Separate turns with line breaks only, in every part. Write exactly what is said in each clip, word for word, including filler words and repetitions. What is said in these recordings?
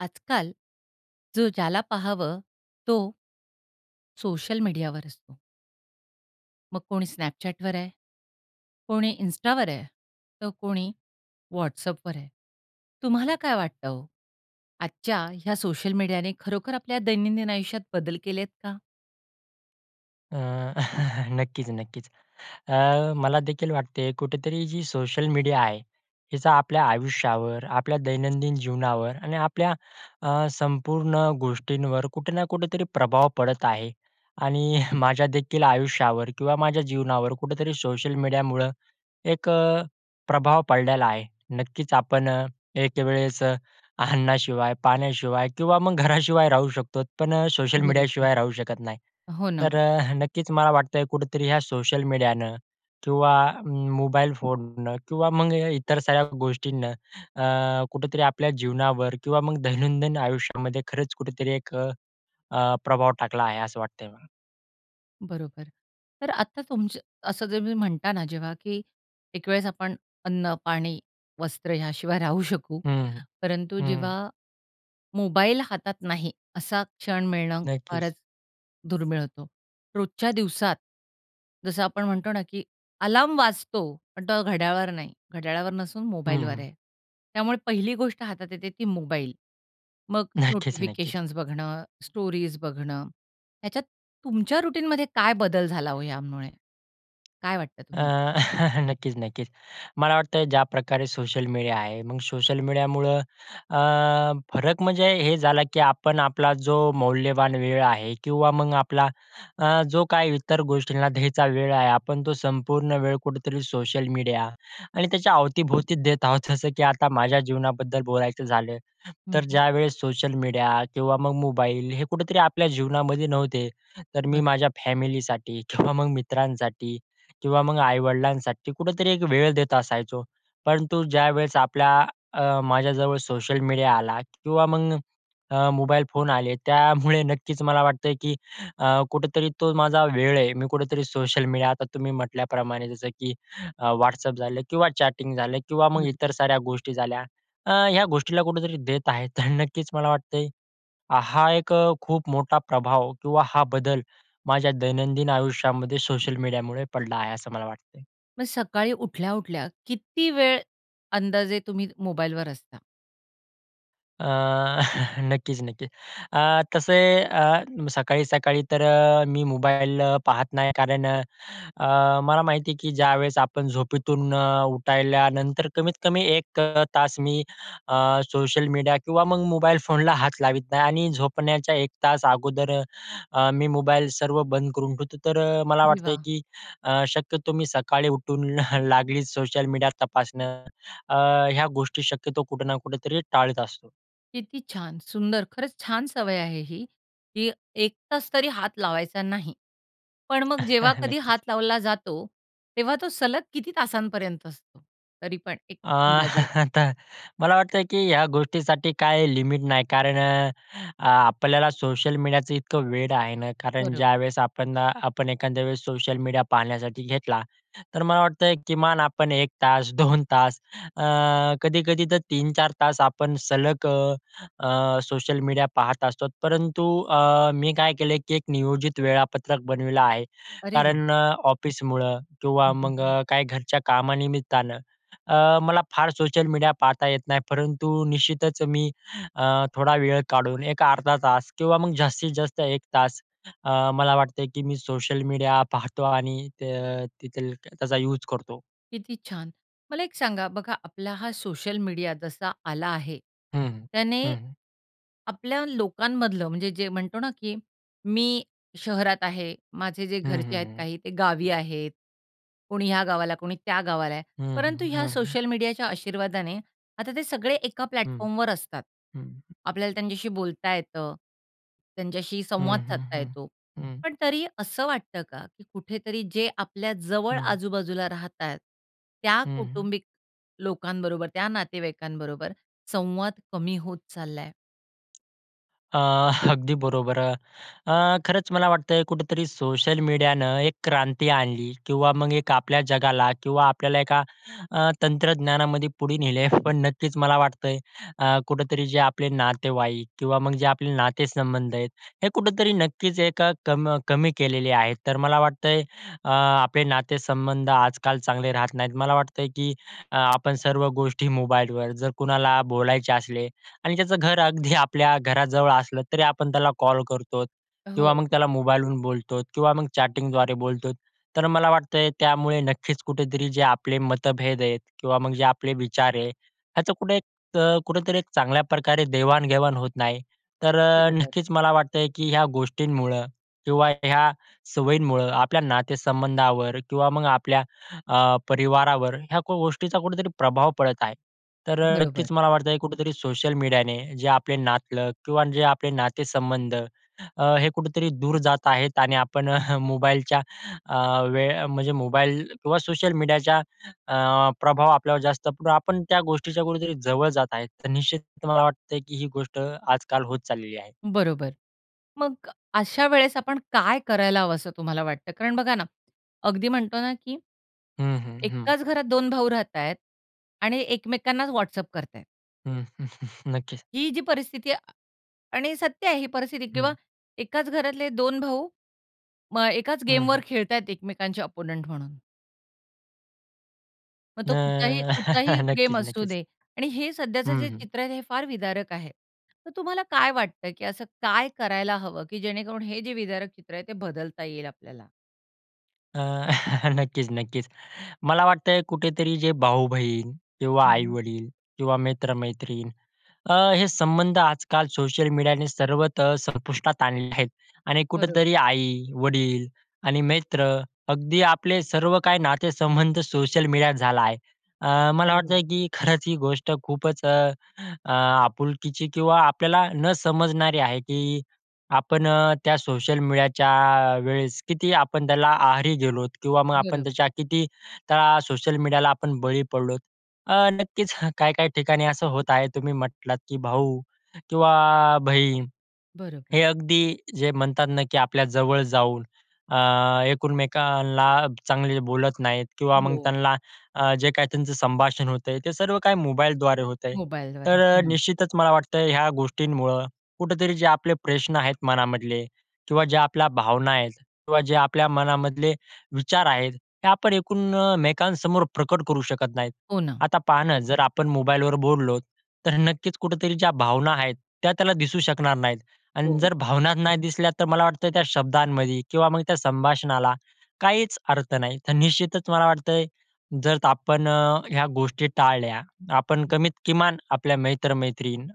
आजकाल जो ज्याला पाहावं, तो सोशल मीडियावर असतो. सोशल मीडियावर असतो. मग कोणी स्नॅपचॅटवर आहे, कोणी इंस्टावर आहे, तर कोणी व्हॉट्सअॅपवर आहे. तुम्हाला काय वाटतं हो? आजच्या ह्या सोशल मीडियाने खरोखर आपल्या दैनंदिन आयुष्यात बदल केलेत का?
अ, नक्कीच, नक्कीच, अ, मला देखील वाटते कुठेतरी जी सोशल मीडिया आहे, याचा आपल्या आयुष्यावर, आपल्या दैनंदिन जीवनावर आणि आपल्या अ, संपूर्ण गोष्टींवर कुठे ना कुठेतरी प्रभाव पडत आहे आणि माझ्या देखील आयुष्यावर किंवा माझ्या जीवनावर कुठेतरी सोशल मीडियामुळं एक अ, प्रभाव पडलेला आहे. नक्कीच आपण एकवेळेस अन्नाशिवाय, पाण्याशिवाय किंवा मग घराशिवाय राहू शकतोत पण सोशल
बरोबर.
मीडियाशिवाय राहू शकत नाही.
हो ना.
तर अ, नक्कीच मला वाटतंय कुठेतरी ह्या सोशल मीडियानं किंवा मोबाईल फोननं किंवा मग इतर साऱ्या गोष्टींनं अ, कुठेतरी आपल्या जीवनावर किंवा मग दैनंदिन आयुष्यामध्ये खरंच कुठेतरी एक अ, प्रभाव टाकला आहे, असं वाटतंय मला.
बरोबर. तर आता तुमचं असं तुम्ही म्हणता ना जेव्हा, की एक वेळेस आपण अन्न, पाणी, वस्त्र याशिवाय राहू शकू.
हं,
परंतु
हं.
जेव्हा मोबाईल हातात नाही, असा क्षण मिळणं
नक्कीच.
फारच दुर्मिळ होतो. रोजच्या दिवसात जसं आपण म्हणतो ना की अलार्म वाजतो, पण तो घड्याळावर नाही. घड्याळावर नसून
हं,
मोबाईलवर
हं.
आहे. त्यामुळे पहिली गोष्ट हातात येते ती मोबाईल. मग
नक्कीच-नक्कीच.
नोटिफिकेशन्स बघणं, स्टोरीज बघणं ह्याच्यात तुमच्या रुटीनमध्ये काय बदल झाला ओ यामुळे? काय वाटतं
अ,
तुम्हाला?
नक्कीच-नक्कीच. मला वाटतं ज्या प्रकारे सोशल मीडिया आहे. मग सोशल मीडियामुळं अ, फरक म्हणजे, हे झाला की आपण आपला जो मौल्यवान वेळ आहे किंवा मग आपला अ, जो काही इतर गोष्टींना द्यायचा वेळ आहे. आपण तो संपूर्ण वेळ कुठेतरी सोशल मीडिया आणि त्याच्या अवतीभोवतीच देत आहोत. जसं की आता माझ्या जीवनाबद्दल बोलायचं झालं.
हं,
तर
हं.
ज्यावेळेस सोशल मीडिया किंवा मग मोबाईल हे कुठेतरी आपल्या जीवनामध्ये नव्हते. तर मी
बरं.
माझ्या फॅमिलीसाठी किंवा मग मित्रांसाठी किंवा मग आई-वडिलांसाठी कुठेतरी एक वेळ देत असायचो. परंतु ज्यावेळेस आपला अ, माझ्याजवळ सोशल मीडिया आला किंवा मग अ, मोबाईल फोन आले. त्यामुळे नक्कीच मला वाटतं की अ, कुठेतरी तो माझा वेळ आहे. मी कुठेतरी सोशल मीडिया आता तुम्ही म्हटल्याप्रमाणे जसं की अ, व्हाट्सअप झालं किंवा चॅटिंग झालं किंवा मग इतर
निरुत्तर.
साऱ्या गोष्टी झाल्या. अ, ह्या गोष्टीला कुठेतरी देत आहे. तर नक्कीच मला वाटतय अ, हा एक खूप मोठा प्रभाव किंवा हा बदल माझ्या दैनंदिन आयुष्यामध्ये सोशल मीडियामुळे पडला आहे असं मला वाटते.
मग सकाळी उठल्या-उठल्या किती वेळ अंदाजे तुम्ही मोबाईलवर असता?
अ, नक्कीच-नक्कीच. अ, तसे अ, सकाळी-सकाळी तर मी मोबाईल पाहत नाही. कारण अ, मला माहितीयं की ज्यावेळेस आपण झोपीतून उठायल्यानंतर कमीत-कमी एक तास मी अ, सोशल मीडिया किंवा मग मोबाईल फोनला हात लावीत नाही. आणि झोपण्याच्या एक तास अगोदर मी मोबाईल सर्व बंद करून ठेवतो. तर अ, मला
अरे
वाटतं
वाह!
की शक्यतो मी सकाळी उठून लागलीच सोशल मीडियात तपासणं अ, ह्या गोष्टी शक्यतो कुठे ना कुठेतरी टाळीत असतो.
किती छान! सुंदर, खरंच छान. सवय आहे ही, की एक तास तरी हात लावायचा नाही. पण मग जेव्हा कधी हात
नक्कीच.
लावला जातो, तेव्हा तो सलग किती तासांपर्यंत असतो? तरी पण एक
अ,
अंदाजे?
आता मला वाटतं की ह्या गोष्टीसाठी काही लिमिट नाही. कारण आपल्याला सोशल मीडियाचं इतकं वेड आहे ना, कारण
बरोबर.
ज्यावेळेस आपण अ, आपण एखाद्या वेळेस सोशल मीडिया पाहण्यासाठी घेतला, तर मला वाटतय किमान आपण एक तास, दोन तास अ, कधी-कधी तर तीन-चार तास आपण सलग अ अ सोशल मीडिया पाहत असतो. परंतु अ, मी काय केलयं की एक नियोजित वेळापत्रक बनविलं आहे.
अरे वा!
कारण अ, ऑफिसमुळं किंवा
हं, हं,
मग
हं.
काही घरच्या कामानिमित्तानं अ, मला फार सोशल मीडिया पाहता येत नाही. परंतु निश्चितच मी अ, थोडा वेळ काढून एक अर्धा तास किंवा मग जास्तीत जास्त एक तास अ, मला वाटतं की मी सोशल मीडिया पाहतो आणि ते तिथे त्याचा यूज करतो.
किती छान! मला एक सांगा, बघा आपला हा सोशल मीडिया जसा आला आहे.
हं, हं.
त्याने
हं, हं.
आपल्या लोकांमधलं म्हणजे जे म्हणतो ना की, मी शहरात आहे माझे जे
हं,
घरचे
हं,
आहेत
हं.
काही, ते गावी आहेत. कोणी या गावाला, कोणी त्या गावाला आहे.
हं,
परंतु
हं.
ह्या
हं, हं.
सोशल मीडियाच्या आशीर्वादाने आता ते सगळे एका
हं,
प्लॅटफॉर्मवर असतात.
हं.
आपल्याला त्यांच्याशी बोलता येतं. त्यांच्याशी
हं,
संवाद
हं,
साधता
हं.
येतो.
हं.
पण तरी असं वाटतं का? की कुठेतरी जे आपल्या जवळ
हं.
आजू-बाजूला राहतायत त्या
हं, हं.
कौटुंबिक लोकांबरोबर त्या नातेवाईकांबरोबर संवाद कमी होत चाललाय?
आह, अगदी बरोबर. अ, खरंच मला वाटतं कुठेतरी सोशल मिडियाने एकक्रांती आणली किंवा मग एक आपल्या जगाला किंवा आपल्याला एका अ, तंत्रज्ञानामध्ये पुढे नेलय. पण नक्कीच मला वाटतंय अ, कुठेतरी जे आपले नातेवाईक किंवा मग जे आपले नाते-संबंध आहेत, हे कुठेतरी नक्कीच एक कम कमी केलेले आहेत. तर मला वाटतंय अ, आपले नाते-संबंध आजकाल चांगले राहत नाहीत. मला वाटतंय की आपण सर्व गोष्टी मोबाईलवर, जर कुणाला बोलायचे असले आणि त्याचं घर अगदी आपल्या घराजवळ असलं तरी आपण त्याला कॉल करतो किंवा मग
हो.
त्याला मोबाईलहून बोलतोत किंवा मग चॅटिंगद्वारे बोलतोत. तर मला वाटतंय त्यामुळे नक्कीच कुठेतरी जे आपले मतभेद आहेत किंवा मग जे आपले विचार आहे ह्याचं कुठे त कुठेतरी एक चांगल्या प्रकारे देवाण-घेवाण होत नाही. तर
बरोबर.
नक्कीच मला वाटतंय की ह्या गोष्टींमुळं किंवा ह्या सवयींमुळं, आपल्या नाते-संबंधावर किंवा मग आपल्या अ, परिवारावर ह्या क गोष्टीचा कुठेतरी प्रभाव पडत आहे. तर अ,
बरोबर.
नक्कीच मला वाटतं कुठेतरी सोशल मीडियाने जे आपले नातलग किंवा जे आपले नाते-संबंध अ, हे कुठेतरी दूर जात आहेत, आणि आपण मोबाईलच्या, अ, वेळ म्हणजे मोबाईल किंवा सोशल मीडियाचा अ, प्रभाव आपल्यावर जास्त, [unintelligible] आपण त्या गोष्टीच्या कुठेतरी जवळ जात आहे. तर निश्चित मला वाटतं की ही गोष्ट आजकाल होत चाललेली आहे.
बरोबर. मग अशा वेळेस आपण काय करायला हवं, असं तुम्हाला वाटतं? कारण बघा ना, अगदी म्हणतो ना की
हं, हं, हं.
एकाच घरात दोन भाऊ राहता आहेत आणि एकमेकांनाच वॉट्सॲप करता आहेत.
हं, नक्कीच.
ही जी परिस्थिती आणि सत्य आहे ही परिस्थिती किंवा
हं.
एकाच घरातले दोन भाऊ, मग एकाच
हं,
गेमवर
हं.
खेळतायेत एकमेकांचे ओप्पोनेंट म्हणून. मग
न,
तो कुठचाही कुठचाही गेम
नक्कीच,
असू
नक्कीच.
दे आणि हे सध्याचं
हं,
जे
हं.
चित्र आहे हे फार विदारक आहे. तर तुम्हाला काय वाटतं की असं काय करायला हवं? की जेणेकरून हे जे विदारक चित्र आहे ते बदलता येईल आपल्याला?
अ, नक्कीच, नक्कीच. मला वाटतंय कुठेतरी जे भाऊ-बहीण किंवा
हं, हं.
आई-वडील किंवा मित्र-मैत्रीण. अ, हे संबंध आजकाल सोशल मीडियाने सर्वतः तर संपुष्टात आणलेले आहेत आणि
बरोबर.
कुठेतरी आई, वडील आणि मित्र अगदी आपले सर्व काही नातेसंबंध सोशल मिडियात झाला आहे. अ, मला वाटतं
बरोबर.
की खरंच ही गोष्ट खूपच अ, अ, आपुलकीची किंवा आपल्याला न समजणारी आहे की आपण त्या सोशल मीडियाच्या वेळेस किती आपण त्याला आहारी गेलोत किंवा मग आपण
बरोबर.
त्याच्या किती त्या सोशल मीडियाला आपण बळी पडलोत. अ, नक्कीच काही-काही ठिकाणी असं होत आहे तुम्ही म्हटलात की, "भाऊ किंवा बहीण,"
बरोबर.
हे अगदी जे म्हणतात ना की आपल्या जवळ जाऊन अ, एकूण-मेकांना चांगले बोलत नाहीत किंवा मग
हो.
त्यांना अ, जे काही त्यांचं संभाषण होतंय ते सर्व काही मोबाईलद्वारे होत आहे.
मोबाइलद्वारे,
तर
हं.
निश्चितच मला वाटतं ह्या गोष्टींमुळं कुठेतरी जे आपले प्रश्न आहेत मनामधले किंवा ज्या आपल्या भावना आहेत किंवा जे आपल्या मनामधले विचार आहेत, हे आपण एकूण-मेकांसमोर प्रकट करू शकत नाहीत.
हो ना.
आता पहा ना, जर आपण मोबाईलवर बोललोत तर नक्कीच कुठेतरी ज्या भावना आहेत, त्या त्याला दिसू शकणार नाहीत आणि
हो.
जर भावना नाही दिसल्या तर मला वाटतं त्या शब्दांमध्ये किंवा मग त्या संभाषणाला काहीच अर्थ नाही. तर निश्चितच मला वाटतंय जर आपण ह्या गोष्टी टाळल्या. आपण कमीत किमान आपल्या मैत्र-मैत्रीण,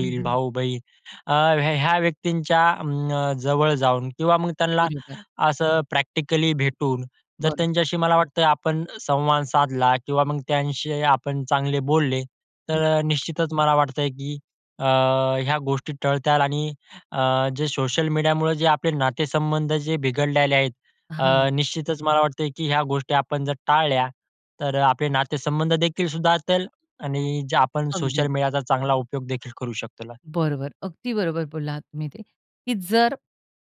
हं, हं.
भाऊ-बहीण अ, ह्या ह्या व्यक्तींच्या अं, जवळ जाऊन किंवा मग त्यांना
बरोबर.
असं प्रॅक्टिकली भेटून जर
बरं.
त्यांच्याशी मला वाटतं आपण संवाद साधला किंवा मग त्यांशी आपण चांगले बोलले तर निश्चितच मला वाटतंय की अ, ह्या गोष्टी टळत्याल आणि अ, जे सोशल मीडियामुळं जे आपले नातेसंबंध जे बिघडल्याले आहेत,
हां.
निश्चितच मला वाटतंय की ह्या गोष्टी आपण जर टाळल्या तर आपले नातेसंबंध देखील सुधारतील आणि जे आपण सोशल
अगदी.
मीडियाचा चांगला उपयोग देखील करू शकतो त्याला.
बरोबर. अगदी बरोबर बोलला आहात तुम्ही ते, की जर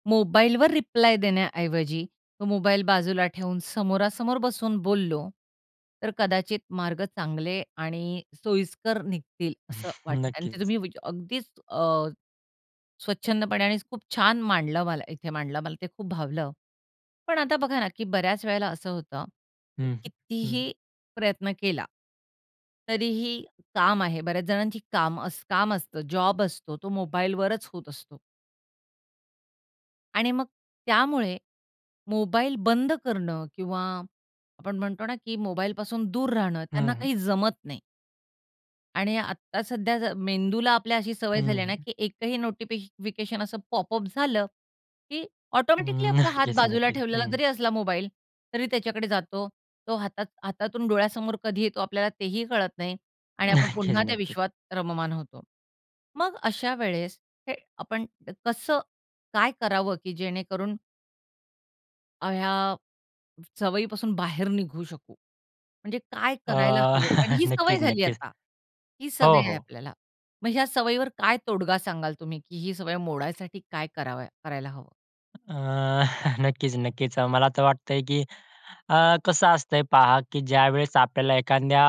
मोबाईलवर रिप्लाय देण्याऐवजी तो मोबाईल बाजूला ठेवून समोरासमोर बसून बोललो, तर कदाचित मार्ग चांगले आणि सोयीस्कर निघतील असं वाटतं आणि ते
नक्कीच.
तुम्ही वी अगदीच अ, स्वच्छंदपणे आणि खूप छान मांडलं, मला इथे मांडलं मला ते खूप भावलं. पण आता बघा ना, की बऱ्याच वेळेला असं होतं,
हं, हं. हं.
कितीही प्रयत्न केला तरीही काम आहे बऱ्याच जणांची काम काम असतं, जॉब असतो तो मोबाईलवरच होत असतो. आणि मग त्यामुळे मोबाईल बंद करणं किंवा आपण म्हणतो ना की मोबाईलपासून दूर राहणं
हं,
त्यांना
हं.
काही जमत नाही. आणि आत्ता सध्याचं मेंदूला आपल्या अशी सवय झाली
हं,
आहे ना,
हं.
की एकही नोटिफि फिकेशन असं पॉपअप झालं की ऑटोमॅटिकली
हं.
आपला हात
नक्कीच,
बाजूला
नक्कीच.
ठेवलेला
हं.
जरी असला मोबाईल, तरी त्याच्याकडे जातो. तो हातात हातातून डोळ्यासमोर कधी येतो, आपल्याला तेही कळत नाही. आणि आपण
नक्कीच,
पुन्हा त्या
नक्कीच.
विश्वात रममान होतो. मग अशा वेळेस हे आपण कसं काय करावं? की जेणेकरून अ, ह्या सवयीपासून बाहेर निघू शकू? म्हणजे काय
अ,
करायला हवं? आणि ही सवय
नक्कीच,
झाली
नक्कीच.
आता, ही
हो,
सवय आहे
हो.
आपल्याला. मग ह्या सवयीवर काय तोडगा सांगाल तुम्ही? की ही सवय मोडायसाठी काय करावं करायला हवं?
अ, नक्कीच, नक्कीच. अ, मला तर वाटतंय की, अ, कसं असतंय पहा की ज्यावेळेस आपल्याला एखाद्या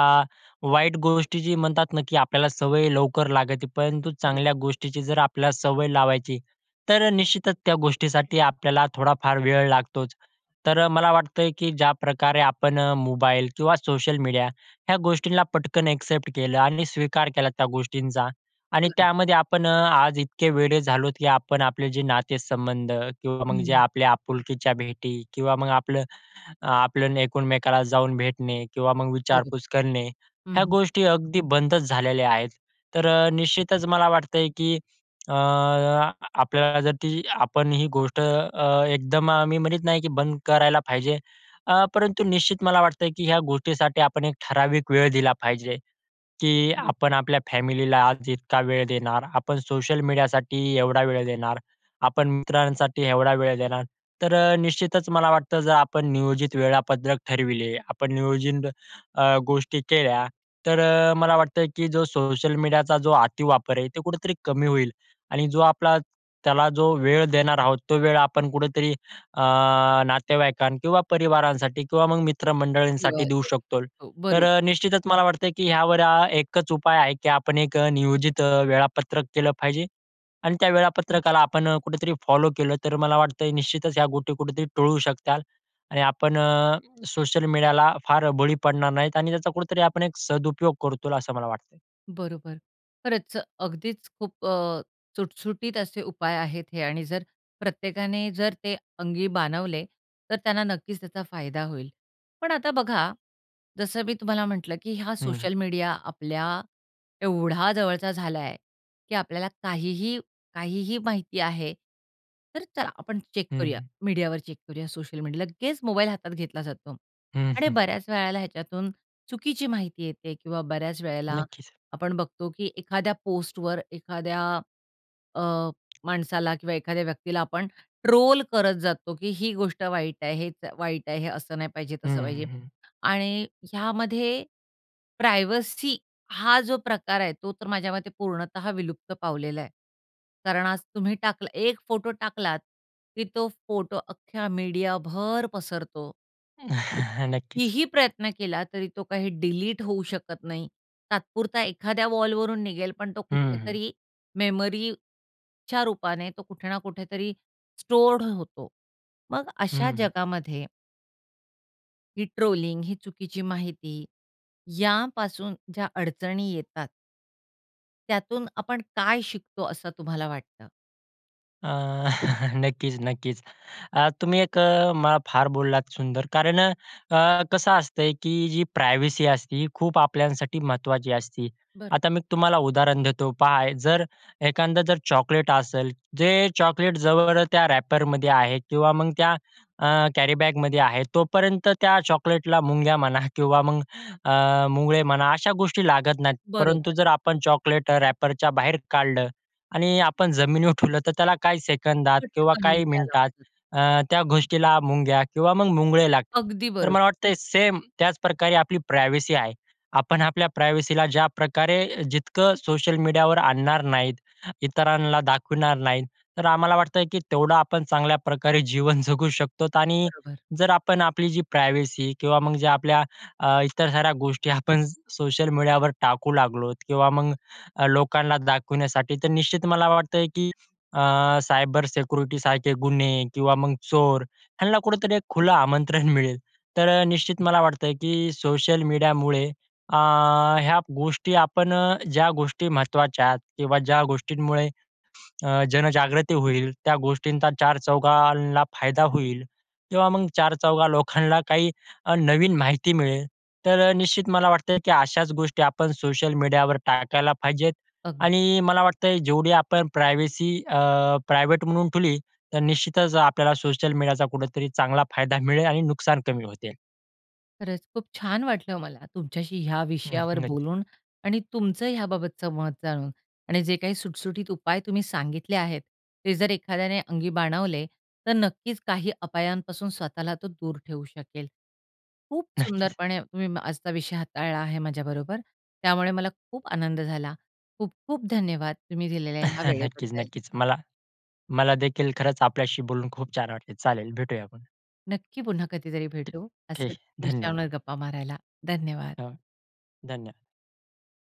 वाईट गोष्टीची म्हणतात ना की आपल्याला सवय लवकर लागते. परंतु
बरो
चांगल्या गोष्टीची जर आपल्याला सवय लावायची, तर निश्चितच त्या गोष्टीसाठी आपल्याला थोडा फार वेळ लागतोच. तर मला वाटतंय की ज्याप्रकारे आपण अ, मोबाईल किंवा सोशल मीडिया ह्या गोष्टींना पटकन ॲक्सेप्ट केलं आणि स्वीकार केला त्या गोष्टींचा. आणि
बरं.
त्यामध्ये आपण अ, आज इतके वेडे झालोत की आपण आपले जे नातेसंबंध किंवा मग जे
हं.
आपल्या आपुलकीच्या भेटी किंवा मग आपलं आपलं एकमेकाला जाऊन भेटणे किंवा मग
बरोबर.
विचारपूस करणे.
हं,
ह्या
हं.
गोष्टी अगदी बंदच झालेल्या आहेत. तर अ, निश्चितच मला वाटतंय की, अ, आपल्याला जर ती आपण ही गोष्ट अ, एकदम अ, मी म्हणत नाही की बंद करायला पाहिजे. अ, परंतु निश्चित मला वाटतं की ह्या गोष्टीसाठी आपण एक ठराविक वेळ दिला पाहिजे की
[unintelligible]
आपण आपल्या फॅमिलीला आज इतका वेळ देणार, आपण सोशल मीडियासाठी एवढा वेळ देणार, आपण मित्रांसाठी एवढा वेळ देणार. तर अ, निश्चितच मला वाटतं जर आपण नियोजित वेळापत्रक ठरविले. आपण नियोजित अ, गोष्टी केल्या, तर अ, मला वाटतं की जो सोशल मीडियाचा जो अतिवापर आहे ते कुठेतरी कमी होईल. आणि जो आपला त्याला जो वेळ देणार आहोत. तो वेळ आपण कुठेतरी अ, नातेवाईकां किंवा परिवारांसाठी किंवा मग
किंवा
मित्रमंडळींसाठी देऊ
देऊ
शकतो.
शकतो.
तर
बरं.
निश्चितच मला वाटतं की ह्यावर अ, एकच उपाय आहे की आपण एक अ, नियोजित अ, वेळापत्रक केलं पाहिजे. आणि त्या
हं.
वेळापत्रकाला आपण अ, कुठेतरी फॉलो केलं तर मला वाटतंय निश्चितच ह्या गोष्टी कुठेतरी टळू शकताल. आणि आपण अ, सोशल मीडियाला फार बळी पडणार नाहीत, आणि त्याचा कुठेतरी आपण एक सदुपयोग करूत, असं मला वाटतंय.
बरोबर, खरंच, अगदीच खूप अ, चुटसुटीत असे उपाय आहेत हे आणि जर प्रत्येकाने जर ते अंगी बाणवले तर त्यांना नक्कीच त्याचा फायदा होईल. पण आता बघा, जसं मी तुम्हाला म्हटलं, की हा
हं.
सोशल मीडिया आपल्या एवढा जवळचा झालाय आहे की आपल्याला काहीही, काहीही माहिती आहे तर चला आपण चेक करूया,
हं.
मीडियावर चेक करूया, सोशल मीडि लगेच मोबाईल हातात घेतला जातो
हं.
आणि बऱ्याच वेळेला ह्याच्यातून चुकीची माहिती येते. किंवा बऱ्याच वेळेला
नक्कीच.
आपण बघतो की एखाद्या पोस्टवर एखाद्या अ, माणसाला किंवा एखाद्या व्यक्तीला आपण ट्रोल करत जातो, की ही गोष्ट वाईट आहे, हे वाईट आहे, हे असं नाही पाहिजे,
हं,
तसं
हं,
पाहिजे
हं.
आणि ह्यामध्ये प्रायव्हसी हा जो प्रकार आहे तो तर माझ्या मते पूर्णतः विलुप्त पावलेला आहे. कारण आज तुम्ही टाकला एक फोटो टाकलात की तो फोटो अख्ख्या मीडिया भर पसरतो.
नक्कीच.
कितीही प्रयत्न केला तरी तो काही डिलीट होऊ शकत नाही. तात्पुरता एखाद्या वॉलवरून निघेल पण तो
हं, हं.
कुठेतरी मेमरीच्या रूपाने तो कुठे ना कुठेतरी स्टोअर्ड होतो. मग अशा
हं.
जगामध्ये ही ट्रोलिंग, ही चुकीची माहिती यापासून ज्या अडचणी येतात, त्यातून आपण काय शिकतो असं तुम्हाला वाटतं?
अ, नक्कीच-नक्कीच. अ, तुम्ही एक अ, म फार बोललात सुंदर कारण अ, कसं असते, की जी प्रायव्हसी असते खूप आपल्यांसाठी महत्त्वाची असती.
बरं.
आता मी तुम्हाला उदाहरण देतो. पहा, जर एखादं जर चॉकलेट असेल, जे चॉकलेट जवळ त्या रॅपरमध्ये आहे किंवा मग त्या अ, कॅरीबॅगमध्ये आहे तोपर्यंत त्या चॉकलेटला मुंग्या म्हणा किंवा मग अ, मुंगळे म्हणा अशा गोष्टीला लागत नाहीत. परंतु
बरोबर.
जर आपण चॉकलेट रॅपरच्या बाहेर काढलं आणि आपण जमिनीवर ठेवलं तर त्याला काही सेकंदात किंवा
पटकन
काही
मुंग्या
मिनिटात
लागतात.
अ, त्या गोष्टीला मुंग्या किंवा मग मुंगळे लागता.
अगदी
तर
बरोबर.
मला वाटतं सेम त्याचप्रकारे आपली प्रायव्हसी आहे. आपण आपल्या प्रायव्हसीला ज्याप्रकारे जितकं सोशल मीडियावर आणणार नाहीत, इतरांना दाखवणार नाहीत. तर आम्हाला वाटतं की तेवढं आपण चांगल्या प्रकारे जीवन जगू शकतो, आणि
बरोबर.
जर आपण आपली जी प्रायव्हेसी, किंवा मग जे आपल्या अ, इतर साऱ्या गोष्टी आपण सोशल मीडियावर टाकू लागलोत, किंवा मग लोकांना दाखवण्यासाठी, तर निश्चित मला वाटतं की अ, सायबर सिक्युरिटीसारखे गुन्हे किंवा मग चोर ह्यांना कुठेतरी एक खुलं आमंत्रण मिळेल. तर निश्चित मला वाटतं की सोशल मीडियामुळे अ, ह्या गोष्टी, आपण अ, ज्या गोष्टी महत्त्वाच्या आहेत किंवा ज्या गोष्टींमुळे अ, जनजागृती होईल त्या गोष्टींचा चार चौघांना फायदा होईल, तेव्हा मग चार-चौघा लोकांना काही अ, नवीन माहिती मिळेल. तर निश्चित मला वाटतं की अशाच गोष्टी आपण सोशल मीडियावर टाकायला पाहिजेत,
अगदी.
आणि मला वाटतं जेवढी आपण प्रायव्हसी, अ, प्रायव्हेट म्हणून ठेवली तर निश्चितच आपल्याला सोशल मीडियाचा कुठेतरी चांगला फायदा मिळेल आणि नुकसान कमी होतील.
खरंच खूप छान वाटलं मला तुमच्याशी ह्या
हं,
विषयावर
हं नक्की.
बोलून आणि तुमचं याबाबतचं मत जाणून आणि जे काही सुटसुटीत उपाय तुम्ही सांगितले आहेत, ते जर एखाद्याने अंगी बाणवले तर नक्कीच काही अपायांपासून स्वतःला तो दूर ठेवू शकेल. खूप
नक्कीच.
सुंदरपणे मी आजचा विषय हाताळला आहे माझ्याबरोबर, त्यामुळे मला खूप आनंद झाला. खूप-खूप धन्यवाद, तुम्ही दिलेल्या ह्या वेळेबद्दल.
नक्कीच-नक्कीच मला मला देखील खरंच आपल्याशी बोलून खूप छान वाटल. चालेल भेटूया आपण.
नक्की, पुन्हा कधीतरी भेटू असं
ठी-ठीक.
विषयावर
धन्यवाद.
गप्पा मारायला. धन्यवाद.
धन्यवाद.